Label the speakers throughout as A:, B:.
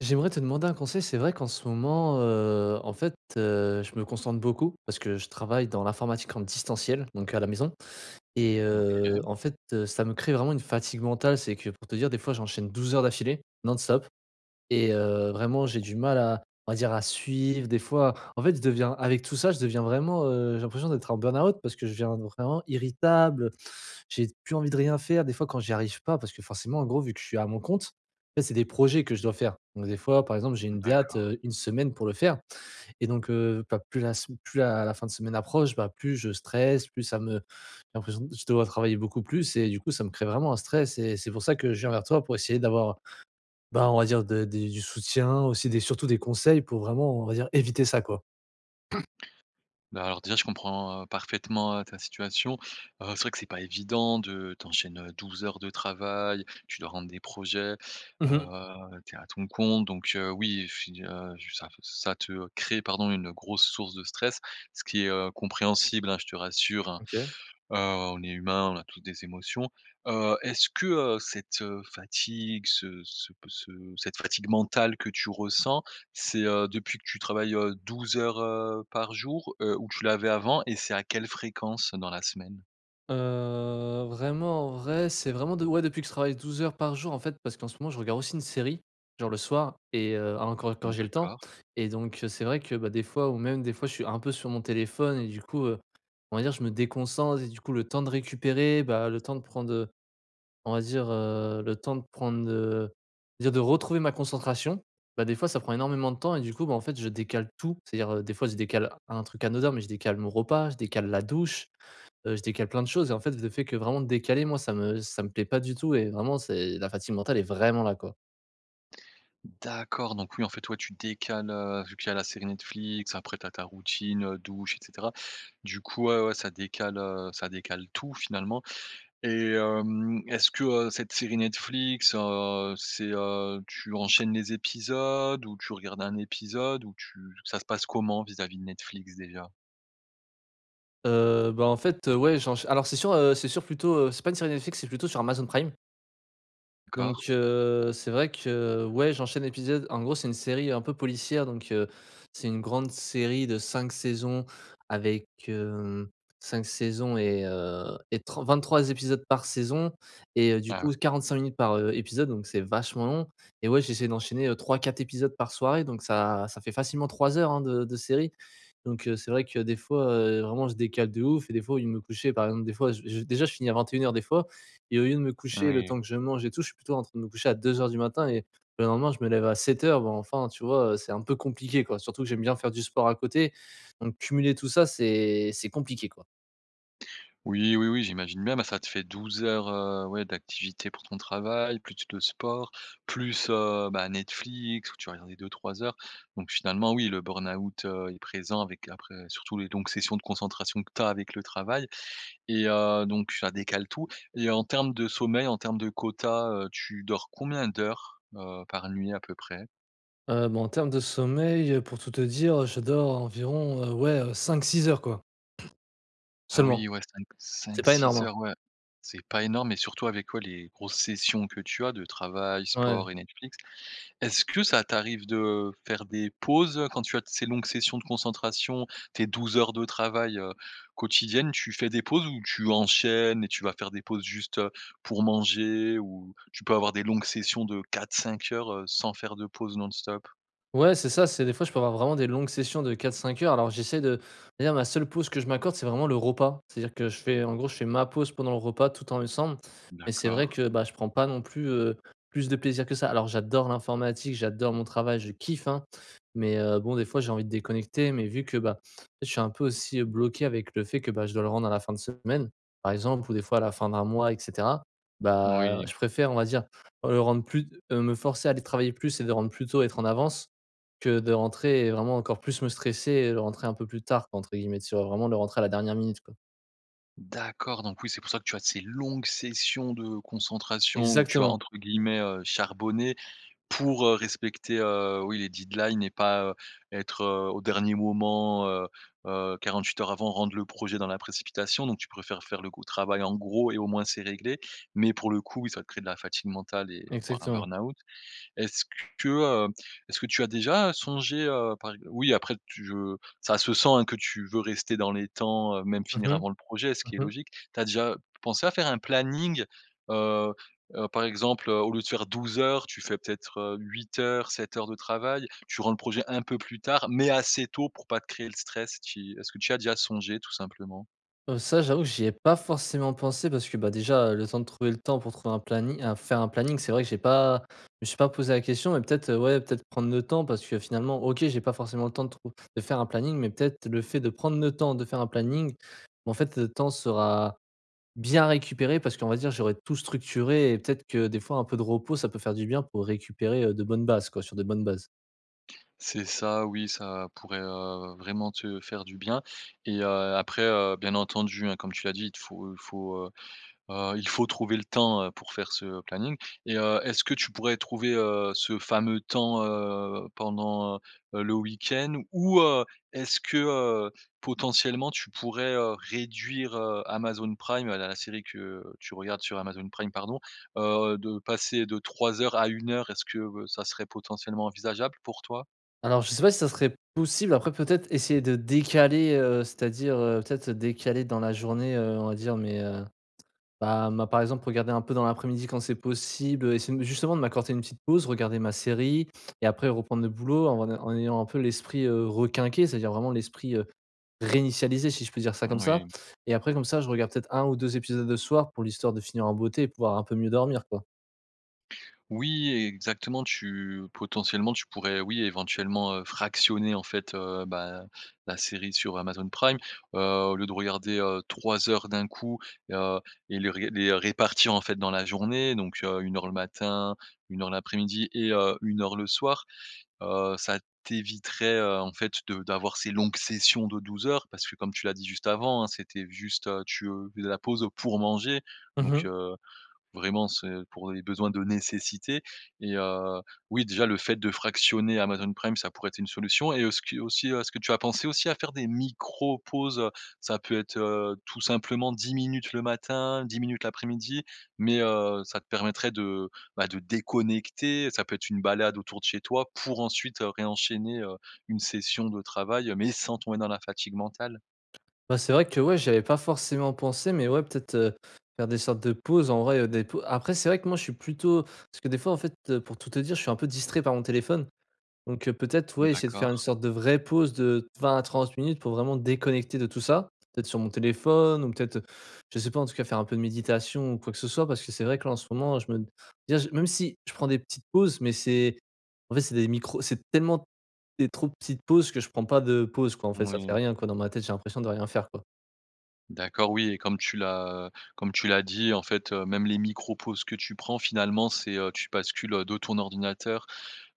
A: J'aimerais te demander un conseil, c'est vrai qu'en ce moment, heu, en fait, heu, je me concentre beaucoup parce que je travaille dans l'informatique en distanciel. Donc à la maison et,
B: Mmh
A: heu,
B: OK.
A: en fait, heu, ça me crée vraiment une fatigue mentale. C'est que, pour te dire des fois j'enchaîne 12 heures d'affilée non stop et heu, vraiment j'ai du mal à, on va dire à suivre des fois. En fait je deviens avec tout ça je deviens vraiment heu j'ai l'impression d'être en burn-out parce que je deviens vraiment irritable heu, j'ai d plus envie de rien faire. Des fois, quand j'y arrive pas, parce que forcément en gros vu que je suis à mon compte, en fait, c'est des projets que je dois faire. Donc des fois, par exemple, j'ai une date,
B: D'accord.
A: heu, 1 semaine pour le faire et donc, heu, pas plus la s plus la la fin de semaine approche, bah, plus je stresse plus ça me j'ai l'impression d je dois travailler beaucoup plus. Et du coup, ça me crée vraiment un stress et c'est pour ça que je viens vers toi pour essayer d'avoir, ben, on va dire de des du soutien aussi des, surtout des conseils pour vraiment, on va dire éviter ça, quoi.
B: Bah, alors déjà je comprends heu, parfaitement, heu, ta situation, heu, c'est vrai que c'est pas évident de tu enchaînes 12 heures de travail, tu dois rendre des projets,
A: Mmh mh.
B: heu, tu es à ton compte, donc, heu, oui f heu, ça f ça te crée pardon une grosse source de stress ce qui est, heu, compréhensible, hein, je te rassure, hein.
A: OK.
B: Heu, on est humain on a tous des émotions. Heu, est-ce que heu, cette fatigue ce ce p ce cette fatigue mentale que tu ressens, c'est heu, depuis que tu travailles heu 12 heures, heu, par jour, heu, où tu l'avais avant et c'est à quelle fréquence dans la semaine?
A: Heu, vraiment en vrai, c'est vraiment de ouais, depuis que je travaille 12 heures par jour en fait parce qu'en ce moment je regarde aussi une série, genre le soir. Et heu encore, heu, quand
B: Mmh
A: j'ai le temps.
B: d'accord.
A: Et donc, heu, c'est vrai que bah des fois ou même des fois je suis un peu sur mon téléphone, heu, et du coup, heu, on va dire je me déconcentre et du coup le temps de récupérer bah, le temps de prendre heu on va dire heu, le temps de prendre heu déjà de retrouver ma concentration. Bah, des fois ça prend énormément de temps et du coup, ben, en fait je décale tout, c'est-à-dire, heu, des fois je décale un truc anodin mais je décale mon repas, je décale la douche, heu, je décale plein de choses et en fait le fait que vraiment décaler moi ça me ça me plaît pas du tout et vraiment c'est la fatigue mentale est vraiment là, quoi.
B: D'accord, donc oui en fait ouais tu décales, heu, vu qu'il y a la série Netflix, après tu as ta routine, heu, douche et cetera. Du coup, ouais, ouais ça décale, heu, ça décale tout finalement. Et hem, est-ce que heu, cette série Netflix heu, c'est heu, tu enchaînes les épisodes, ou tu regardes un épisode, ou tu ça se passe comment vis-à-vis de Netflix déjà?
A: Heu, ben, en fait, heu, ouais j'ench alors c'est sûr heu c'est sûr plutôt heu, c'est pas une série Netflix c'est plutôt sur Amazon prime.
B: D'accord.
A: Donc heu, c'est vrai que ouais j'enchaîne l'épisode. En gros c'est une série un peu policière donc heu, c'est une grande série de 5 saisons avec hem, 5 saisons et heu et tr 23 épisodes par saison et heu, du
B: Ah ouais.
A: coup 45 minutes par heu, épisode donc c'est vachement long. Et ouais j'essaie d'enchaîner, heu 3-4 épisodes par soirée donc ça ça fait facilement 3 heures hein de de série. Donc heu, c'est vrai que des fois, heu, vraiment je décale de ouf et des fois au lieu de me coucher, par exemple des fois j j déjà je finis à 21:00 des fois. Et au lieu de me coucher, le
B: Moui.
A: temps que je mange et tout, je suis plutôt en train de me coucher à 2:00 et le lendemain je me lève à 7:00, bon, enfin tu vois heu, c'est un peu compliqué, quoi. Surtout que j'aime bien faire du sport à côté, donc cumuler tout ça c'est c'est compliqué, quoi.
B: Oui, oui, oui. J'imagine bien. Ben, ça te fait 12 heures, heu, ouais d'activités pour ton travail plus le sport, plus, heu, ben, Netflix où tu vas regarder 2-3 heures. Donc finalement, oui, le burn-out, heu, est présent avec après surtout les longues sessions de concentration que tu as avec le travail. Et, heu, donc ça décale tout. Et en termes de sommeil, en termes de quota, heu, tu dors combien d'heures, heu, par nuit à peu près?
A: Heu, ben, en termes de sommeil, heu, pour tout te dire je dors environ, heu, ouais 5-6 heures quoi.
B: Ah
A: Seulement.
B: oui. Ouais 5-
A: C'est pas énorme,
B: 5-6
A: hein.
B: heures, ouais. C'est pas énorme et surtout avec ouais, les grosses sessions que tu as de travail,
A: Ouais.
B: sport et Netflix. Est-ce que ça t'arrive de faire des pauses quand tu as ces longues sessions de concentration? Tes 12 heures de travail, heu, quotidiennes tu fais des pauses où tu enchaînes et tu vas faire des pauses juste, heu, pour manger ou, tu peux avoir des longues sessions de 4-5 heures, heu, sans faire de pause non-stop?
A: Ouais, c'est ça. C'est des fois je peux avoir vraiment des longues sessions de 4-5 heures. Alors j'essaie de d'ailleurs ma seule pause que je m'accorde c'est vraiment le repas. C'est-à-dire que je fais en gros, je fais ma pause pendant le repas tout en lessemble.
B: Mmh
A: Mais c'est vrai
B: D'accord.
A: que, ben, je prends pas non plus, heu, plus de plaisir que ça. Alors j'adore l'informatique, j'adore mon travail, je kiffe, hein. Mais, heu, bon des fois j'ai envie de déconnecter mais vu que, ben, je suis un peu aussi, heu, bloqué avec le fait que, ben, je dois le rendre à la fin de semaine, par exemple ou des fois à la fin d'un mois et cetera. Bah,
B: Oui.
A: je préfère on va dire, le rendre plus t heu, me forcer à aller travailler plus et de rendre plus tôt et être en avance. Que de rentrer et vraiment encore plus me stresser et le rentrer un peu plus tard quoi entre guillemets, tu vois, vraiment le rentrer à la dernière minute quoi.
B: D'accord donc oui c'est pour ça que tu as ces longues sessions de concentration où tu as
A: Exactement.
B: entre guillemets, heu, «charbonné» pour, heu, respecter, heu, oui les deadlines et pas, heu, être, heu, au dernier moment, heu, heu, 48 heures avant, rendre le projet dans la précipitation, donc tu préfères faire le gros travail en gros et au moins c'est réglé. Mais pour le coup oui ça crée de la fatigue mentale et et voire un
A: Exactement.
B: burn-out. Est-ce que, heu, est-ce que tu as déjà, heu, songé, heu, par ex oui après tu je ça se sent hein que tu veux rester dans les temps, heu, même
A: Mmh
B: finir
A: mh.
B: avant le projet ce qui est
A: Mmh mh.
B: logique. Tu as déjà p pensé à faire un planning, heu, heu, par exemple, heu, au lieu de faire 12 heures tu fais peut-être, heu, 8 heures, 7 heures de travail, tu rends le projet un peu plus tard mais assez tôt pour pas te créer le stress qui est-ce que tu as déjà songé tout simplement?
A: Heu, ça j'avoue j'y ai pas forcément pensé parce que bah déjà, heu, le temps de trouver le temps pour trouver un planning heu, faire un planning c'est vrai que j'ai pas je me suis pas posé la question. Mais peut-être, heu, ouais, peut-être prendre le temps parce que finalement OK, j'ai pas forcément le temps de trouv de faire un planning. Mais peut-être le fait de prendre le temps de faire un planning, ben en fait le temps sera bien récupéré parce qu'on va dire j'aurais tout structuré et peut-être que des fois un peu de repos ça peut faire du bien pour récupérer, heu, de bonnes bases quoi, sur des bonnes bases.
B: C'est ça oui, ça pourrait, heu, vraiment te faire du bien. Et heu, après, heu, bien entendu hein comme tu l'as dit il te faut il faut, heu, il faut trouver le temps, heu, pour faire ce planning. Et heu, est-ce que tu pourrais trouver, heu, ce fameux temps, heu, pendant, heu, le week-end? Ou, heu, est-ce que, heu, potentiellement tu pourrais, heu, réduire, heu, Amazon Prime, la la série que tu regardes sur Amazon Prime pardon. Heu, de passer de 3 heures à 1 heure est-ce que ça serait potentiellement envisageable pour toi?
A: Alors je sais pas si ça serait possible après peut-être essayer de décaler, heu, c'est-à-dire, heu, peut-être, heu, décaler dans la journée, heu, on va dire mais, heu, bah moi par exemple regarder un peu dans l'après-midi quand c'est possible essayer de m justement de m'accorder une petite pause regarder ma série et après reprendre le boulot en ay en ayant un peu l'esprit, heu, requinqué c'est-à-dire vraiment l'esprit, heu, réinitialisé si je peux dire ça comme ça.
B: Moui.
A: Et après comme ça je regarde peut-être 1 ou 2 épisodes le soir pour l'histoire de finir en beauté et pouvoir un peu mieux dormir quoi.
B: Oui exactement tu potentiellement tu pourrais oui, éventuellement fractionner en fait, heu, ben, la série sur Amazon Prime. Heu, au lieu de regarder, heu, 3 heures d'un coup, heu, et les ré les répartir en fait dans la journée donc, heu, 1 heure le matin, 1 heure l'après-midi et heu, 1 heure le soir. Heu, ça t'éviterait, heu, en fait de d'avoir ces longues sessions de 12 heures. Parce que comme tu l'as dit juste avant hein, c'était juste, heu, tu, heu, la pause pour manger
A: Mmh
B: donc,
A: mh.
B: heu, vraiment c'est pour les besoins de nécessité et heu, oui déjà le fait de fractionner Amazon Prime ça pourrait être une solution. Et heu, ce qui heu, aussi est-ce que tu as pensé aussi à faire des micros-pauses? Heu ça peut être heu tout simplement 10 minutes, le matin 10 minutes, l'après-midi mais heu ça te permettrait de bah de déconnecter ça peut être une balade autour de chez toi pour ensuite, heu, réenchaîner, heu, une session de travail, heu, mais sans tomber dans la fatigue mentale?
A: Bah, c'est vrai que, ouais, j'y avais pas forcément pensé. Mais ouais peut-être, heu, faire des sortes de pauses en vrai, heu, des pau après c'est vrai que moi je suis plutôt parce que des fois en fait pour tout te dire, je suis un peu distrait par mon téléphone. Donc, peut-être,
B: Mmh,
A: ouais, essayer de faire une
B: d'accord.
A: sorte de vraie pause de 20 à 30 minutes pour vraiment déconnecter de tout ça. D'être sur mon téléphone ou peut-être, heu, je sais pas en tout cas faire un peu de méditation ou quoi que ce soit. Parce que c'est vrai que là en ce moment je me déjà même si je prends des petites pauses mais c'est en fait, c'est des micros c'est tellement des trop petites pauses, que je prends pas de pause quoi en fait ça fait
B: Moui.
A: rien, quoi, dans ma tête j'ai l'impression de rien faire quoi.
B: D'accord. Oui et comme tu l'as comme tu l'as dit en fait, heu, même les micros pauses que tu prends finalement c'est, heu tu bascules, heu, de ton ordinateur,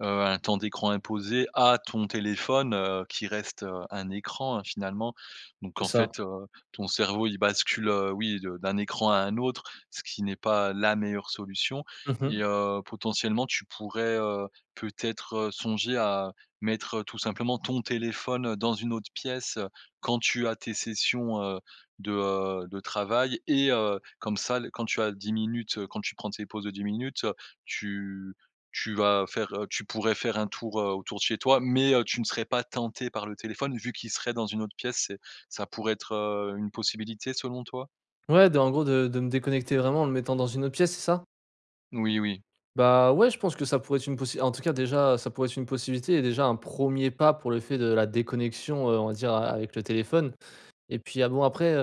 B: heu, à un temps d'écran imposé à ton téléphone, heu, qui reste, heu, un écran, hein, finalement. Donc
A: C'est
B: en
A: ça.
B: fait, heu, ton cerveau il bascule, heu oui de d'un écran à un autre. Ce qui n'est pas la meilleure solution.
A: Mmh
B: Et,
A: mh.
B: heu, potentiellement tu pourrais, heu, peut-être, heu, songer à mettre tout simplement ton téléphone dans une autre pièce, heu, quand tu as tes sessions, heu, de, heu, de travail. Et heu, comme ça le quand tu as 10 minutes quand tu prends tes pauses de 10 minutes, heu, tu tu vas faire, heu tu pourrais faire un tour, heu, autour de chez toi. Mais, heu, tu ne serais pas tenté par le téléphone vu qu'il serait dans une autre pièce. C'est ça pourrait être, heu, une possibilité selon toi?
A: Ouais de en gros de de me déconnecter vraiment en le mettant dans une autre pièce, c'est ça?
B: Oui, oui.
A: Bah, ouais, je pense que ça pourrait être une possi en tout cas déjà ça pourrait être une possibilité et déjà un 1er pas pour le fait de la déconnexion, heu, on va dire a avec le téléphone. Et puis ah bon après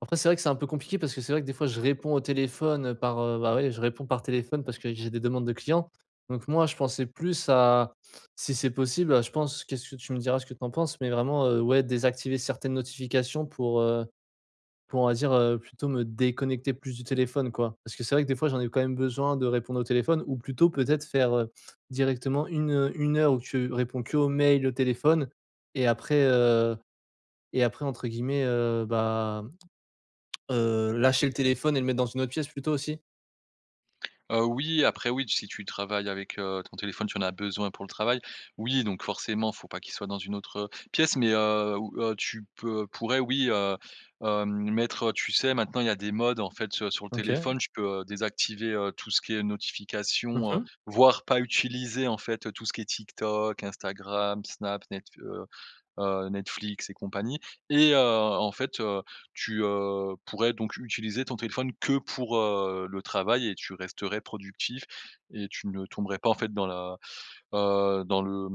A: après c'est vrai que c'est un peu compliqué parce que c'est vrai que des fois je réponds au téléphone, heu, par, heu, bah, ouais je réponds par téléphone parce que j'ai des demandes de clients. Donc moi je pensais plus à, si c'est possible à je pense, qu'est-ce que tu me diras ce que tu en penses. Mais vraiment, heu, ouais, désactiver certaines notifications. Pour, heu, pour on va dire, heu, plutôt me déconnecter plus du téléphone quoi. Parce que c'est vrai que des fois j'en ai quand même besoin de répondre au téléphone ou plutôt peut-être faire, heu, directement une 1 heure où tu réponds qu'aux mails et au téléphone. Et après, heu, et après entre guillemets, heu, bah, heu, «lâcher le téléphone» et le mettre dans une autre pièce plutôt aussi?
B: Heu, oui, après oui si tu travailles avec, heu, ton téléphone tu en as besoin pour le travail, oui donc forcément il faut pas qu'il soit dans une autre pièce mais, heu ou heu, tu p pourrais oui, heu heu, mettre, heu tu sais maintenant il y a des modes en fait, heu, sur le
A: OK.
B: téléphone, tu peux désactiver, heu, tout ce qui est
A: Mmh
B: notification, heu,
A: mh.
B: voire pas utiliser en fait tout ce qui est TikTok, Instagram, Snap, Netfl heu heu, Netflix et compagnie. Et, heu, en fait, heu, tu, heu, pourrais donc utiliser ton téléphone que pour, heu, le travail et tu resterais productif et tu ne tomberais pas en fait dans la heu, dans le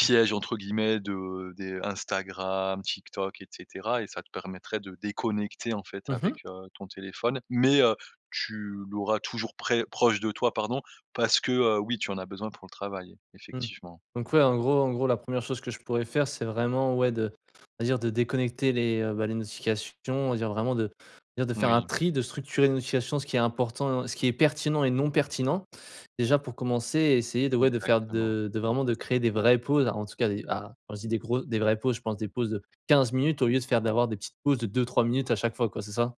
A: Mmh.
B: entre guillemets de des Instagram, Tik Tok et cetera et ça te permettrait de déconnecter en fait
A: Mmh
B: avec,
A: mh.
B: heu, ton téléphone. Mais, heu, tu l'auras toujours près proche, de toi pardon, parce que, heu, oui tu en as besoin pour le travail
A: Mmh.
B: effectivement.
A: Donc ouais en gros en gros la 1re chose que je pourrais faire c'est vraiment ouais de, on va dire de déconnecter les bah, les notifications, on va dire vraiment de, dire de faire un
B: Oui.
A: tri, de structurer les notifications ce qui est important ce qui est pertinent et non pertinent déjà pour commencer. Et essayer de, ouais de faire
B: Exactement.
A: de de vraiment de créer des vraies pauses en tout cas des ah, quand je dis des gro des vraies pauses je pense des pauses de 15 minutes au lieu de faire d'avoir des petites pauses de 2-3 minutes à chaque fois quoi c'est ça?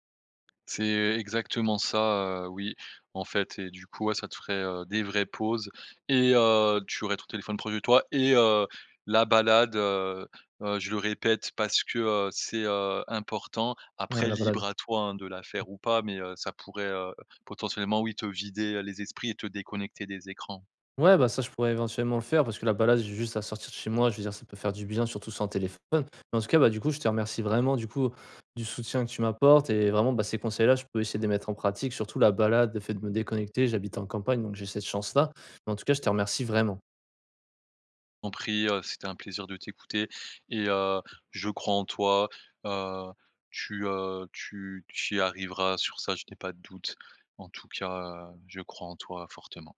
B: C'est exactement ça, heu, oui en fait et du coup, ouais, ça te ferait, heu, des vraies pauses et, heu, tu aurais ton téléphone proche de toi et, heu, la balade, heu heu, je le répète parce que, heu, c'est, heu, important.
A: Ouais
B: Après
A: la balade.
B: libre à toi, hein, de la faire ou pas mais, heu, ça pourrait, heu, potentiellement oui te vider, heu, les esprits et te déconnecter des écrans.
A: Ouais, bah, ça je pourrais éventuellement le faire parce que la balade, j'ai juste à sortir de chez moi je veux dire ça peut faire du bien surtout sans téléphone. Bah, en tout cas, bah, du coup je te remercie vraiment du coup du soutien que tu m'apportes et vraiment, bah, ces conseils là je peux essayer de les mettre en pratique surtout la balade, le fait de me déconnecter. J'habite en campagne donc j'ai cette chance là, mais en tout cas je te remercie vraiment.
B: T'en prie, heu, c'était un plaisir de t'écouter et, heu, je crois en toi, heu, tu, heu tu tu y arriveras sur ça, je n'ai pas de doute, en tout cas, heu, je crois en toi fortement.